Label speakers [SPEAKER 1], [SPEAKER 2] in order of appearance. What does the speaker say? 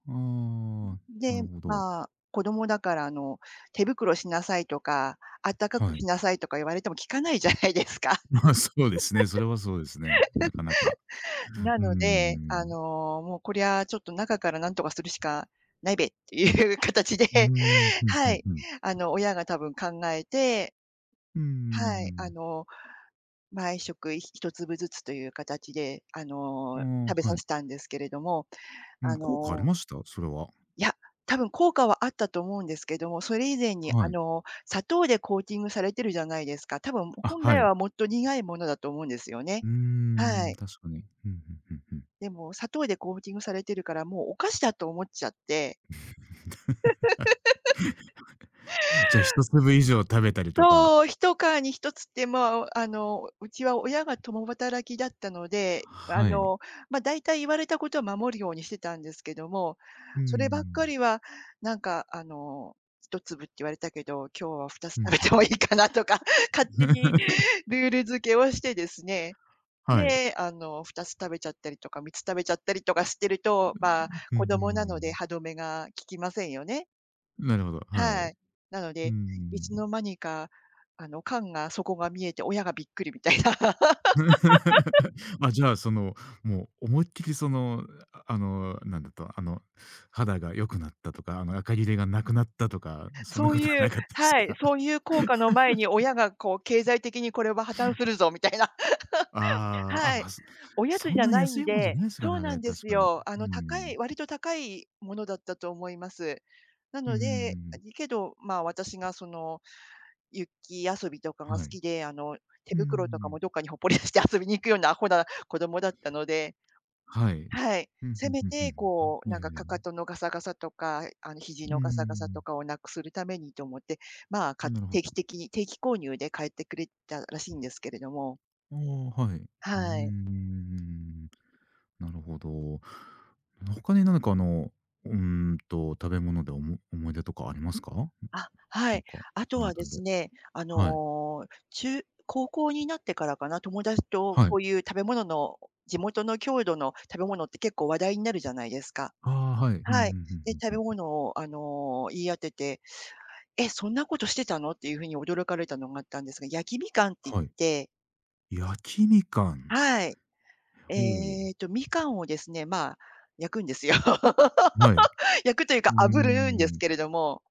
[SPEAKER 1] うん
[SPEAKER 2] うん、
[SPEAKER 1] うんうん。
[SPEAKER 2] う
[SPEAKER 1] なる
[SPEAKER 2] で、
[SPEAKER 1] ほど。
[SPEAKER 2] まあ、子供だから、あの、手袋しなさいとか、あったかく
[SPEAKER 1] はい。
[SPEAKER 2] しなさいとか言われても、聞かないじゃないですか。
[SPEAKER 1] まあ、そうですね。それはそうですね。なかなか。
[SPEAKER 2] な
[SPEAKER 1] うんう
[SPEAKER 2] の
[SPEAKER 1] んう
[SPEAKER 2] で、あ
[SPEAKER 1] ん。
[SPEAKER 2] の「もうこりゃ、ちょっと、中からなんとかするしかないべ」っていう形で、
[SPEAKER 1] うん。ふんふ
[SPEAKER 2] は
[SPEAKER 1] ん
[SPEAKER 2] い。
[SPEAKER 1] ふん。
[SPEAKER 2] あの、親が多分考えて
[SPEAKER 1] うんう
[SPEAKER 2] は
[SPEAKER 1] んう
[SPEAKER 2] い、あ
[SPEAKER 1] ん。
[SPEAKER 2] の、毎食ひ1粒ずつという形で、あ
[SPEAKER 1] う
[SPEAKER 2] の、
[SPEAKER 1] んうん、
[SPEAKER 2] 食べさ
[SPEAKER 1] はい。
[SPEAKER 2] せたんですけれども。
[SPEAKER 1] うん、
[SPEAKER 2] あ
[SPEAKER 1] 効果あり
[SPEAKER 2] の
[SPEAKER 1] ました？それは。
[SPEAKER 2] いや、多分、効果はあったと思うんですけども。それ以前に、あ
[SPEAKER 1] はい。
[SPEAKER 2] の、砂糖でコーティングされてるじゃないですか。たぶん、
[SPEAKER 1] あ、
[SPEAKER 2] 本
[SPEAKER 1] は
[SPEAKER 2] 来
[SPEAKER 1] い。
[SPEAKER 2] はもっと、苦いものだと思うんですよね。
[SPEAKER 1] うんうんう
[SPEAKER 2] は
[SPEAKER 1] ん、
[SPEAKER 2] い。
[SPEAKER 1] 確かに。ふんふんふんふん。
[SPEAKER 2] でも、砂糖でコーティングされてるから、もう、お菓子だと思っちゃって。
[SPEAKER 1] はい。じゃあ、1粒以上食べたりとか。
[SPEAKER 2] そう。ひとかに1つって、まあ、あの、うちは親が共働きだったので、あ
[SPEAKER 1] はい。
[SPEAKER 2] の、ま、大体、言われたことは守るようにしてたんですけども。
[SPEAKER 1] うんう
[SPEAKER 2] そ
[SPEAKER 1] んう
[SPEAKER 2] ればっか
[SPEAKER 1] ん。
[SPEAKER 2] りは、なんかあの、1粒って言われたけど、今日は2つ
[SPEAKER 1] う
[SPEAKER 2] 食
[SPEAKER 1] ん、
[SPEAKER 2] べ
[SPEAKER 1] ふん
[SPEAKER 2] て
[SPEAKER 1] ふ
[SPEAKER 2] もいい
[SPEAKER 1] ん。
[SPEAKER 2] かなとか、勝手にルール付 けをしてですね。
[SPEAKER 1] はい。
[SPEAKER 2] で、あの、2つ食べちゃったりとか、3つ食べちゃったりとかしてると、
[SPEAKER 1] うんう
[SPEAKER 2] ま、
[SPEAKER 1] ん、ふ
[SPEAKER 2] 子
[SPEAKER 1] んふん、うんう
[SPEAKER 2] 供なので、
[SPEAKER 1] ん。
[SPEAKER 2] 歯止めが効きませんよね。
[SPEAKER 1] なるほど、はい。うんうん
[SPEAKER 2] はい。なの
[SPEAKER 1] う
[SPEAKER 2] で、いつの
[SPEAKER 1] ん。
[SPEAKER 2] 間にか、あの、缶が底が見えて、親がびっくりみたいな。
[SPEAKER 1] まあ、じゃあ、その、もう、思いっきりその、ああの、なんだった、あの、肌が良くなったとか、あの、あかぎれがなくなったとか、そんな
[SPEAKER 2] そう
[SPEAKER 1] 事は
[SPEAKER 2] い
[SPEAKER 1] な
[SPEAKER 2] う
[SPEAKER 1] かったです
[SPEAKER 2] はい、
[SPEAKER 1] か？
[SPEAKER 2] そういう効果の前に、親がこう「経済 的に、これは破綻するぞ。」みたいな。
[SPEAKER 1] ああ、あ、
[SPEAKER 2] はい。
[SPEAKER 1] ま、す
[SPEAKER 2] おやつ
[SPEAKER 1] そ
[SPEAKER 2] じ
[SPEAKER 1] ん
[SPEAKER 2] ゃ
[SPEAKER 1] なに
[SPEAKER 2] ない
[SPEAKER 1] 安
[SPEAKER 2] ん
[SPEAKER 1] いもんじゃ
[SPEAKER 2] で、
[SPEAKER 1] ないすか
[SPEAKER 2] そう
[SPEAKER 1] らね、
[SPEAKER 2] な
[SPEAKER 1] あれ、
[SPEAKER 2] んで
[SPEAKER 1] 確
[SPEAKER 2] す
[SPEAKER 1] かに。う
[SPEAKER 2] よ。あ
[SPEAKER 1] う
[SPEAKER 2] の、高
[SPEAKER 1] ん。
[SPEAKER 2] い割と高いものだったと思います。な
[SPEAKER 1] うんう
[SPEAKER 2] の
[SPEAKER 1] んう
[SPEAKER 2] で
[SPEAKER 1] んう
[SPEAKER 2] あ
[SPEAKER 1] ん。
[SPEAKER 2] りけど、ま、私がその、雪遊びとかが好
[SPEAKER 1] はい。
[SPEAKER 2] きで。あの、手
[SPEAKER 1] うんうんうんう
[SPEAKER 2] 袋とか
[SPEAKER 1] ん。
[SPEAKER 2] も、どっかにほっぽり出して、遊びに行くような、アホな子供だったので。
[SPEAKER 1] はい。
[SPEAKER 2] はい、
[SPEAKER 1] ふんふ
[SPEAKER 2] せ
[SPEAKER 1] ん
[SPEAKER 2] め
[SPEAKER 1] ふんふん、う
[SPEAKER 2] て
[SPEAKER 1] ん、ふ
[SPEAKER 2] こう、
[SPEAKER 1] ん。い
[SPEAKER 2] な
[SPEAKER 1] や
[SPEAKER 2] ん
[SPEAKER 1] い
[SPEAKER 2] か、
[SPEAKER 1] やいや。
[SPEAKER 2] 踵のガサガサとか、あの、肘
[SPEAKER 1] うんう
[SPEAKER 2] の
[SPEAKER 1] んうん
[SPEAKER 2] ガ
[SPEAKER 1] う
[SPEAKER 2] サガサと
[SPEAKER 1] ん。
[SPEAKER 2] かを、なくするためにと思って、ま、か
[SPEAKER 1] なるほ
[SPEAKER 2] 定
[SPEAKER 1] ど。
[SPEAKER 2] 期的に定期購入で買ってくれたらしいんですけれども。
[SPEAKER 1] ああ、はい。うんうんうんうんう
[SPEAKER 2] は
[SPEAKER 1] ん
[SPEAKER 2] い。
[SPEAKER 1] うんうんうん。なるほど。の他に何かあの、うんと、食べ物で、おも思い出とかありますか？うん、
[SPEAKER 2] あ、は
[SPEAKER 1] なん
[SPEAKER 2] い。
[SPEAKER 1] か、そ
[SPEAKER 2] あと
[SPEAKER 1] の
[SPEAKER 2] はで
[SPEAKER 1] 辺り
[SPEAKER 2] す
[SPEAKER 1] で。
[SPEAKER 2] ね、あ
[SPEAKER 1] うん、はい。
[SPEAKER 2] の、中高校になってからかな、友達と、
[SPEAKER 1] はい。
[SPEAKER 2] こういう食べ物のを地元の郷土の食べ物って、結構、話題になるじゃないですか？
[SPEAKER 1] ああ、はい。ふんふんふ
[SPEAKER 2] はい。
[SPEAKER 1] ん
[SPEAKER 2] で、
[SPEAKER 1] ふん
[SPEAKER 2] 食
[SPEAKER 1] ふん
[SPEAKER 2] べ
[SPEAKER 1] ふん。
[SPEAKER 2] 物を、あの、言い当てて「え、そんなことしてたの？」っていう風に、驚かれたのがあったんですが。焼きみかんって言っ
[SPEAKER 1] はい。
[SPEAKER 2] て
[SPEAKER 1] 焼きみかん。
[SPEAKER 2] はい。
[SPEAKER 1] ほお。
[SPEAKER 2] ええと、みかんをですね、まあ、焼くんですよ。
[SPEAKER 1] はい。
[SPEAKER 2] 焼くという
[SPEAKER 1] う
[SPEAKER 2] か、
[SPEAKER 1] んうん
[SPEAKER 2] 炙
[SPEAKER 1] う
[SPEAKER 2] るんで
[SPEAKER 1] ん
[SPEAKER 2] す
[SPEAKER 1] うん。
[SPEAKER 2] けれども。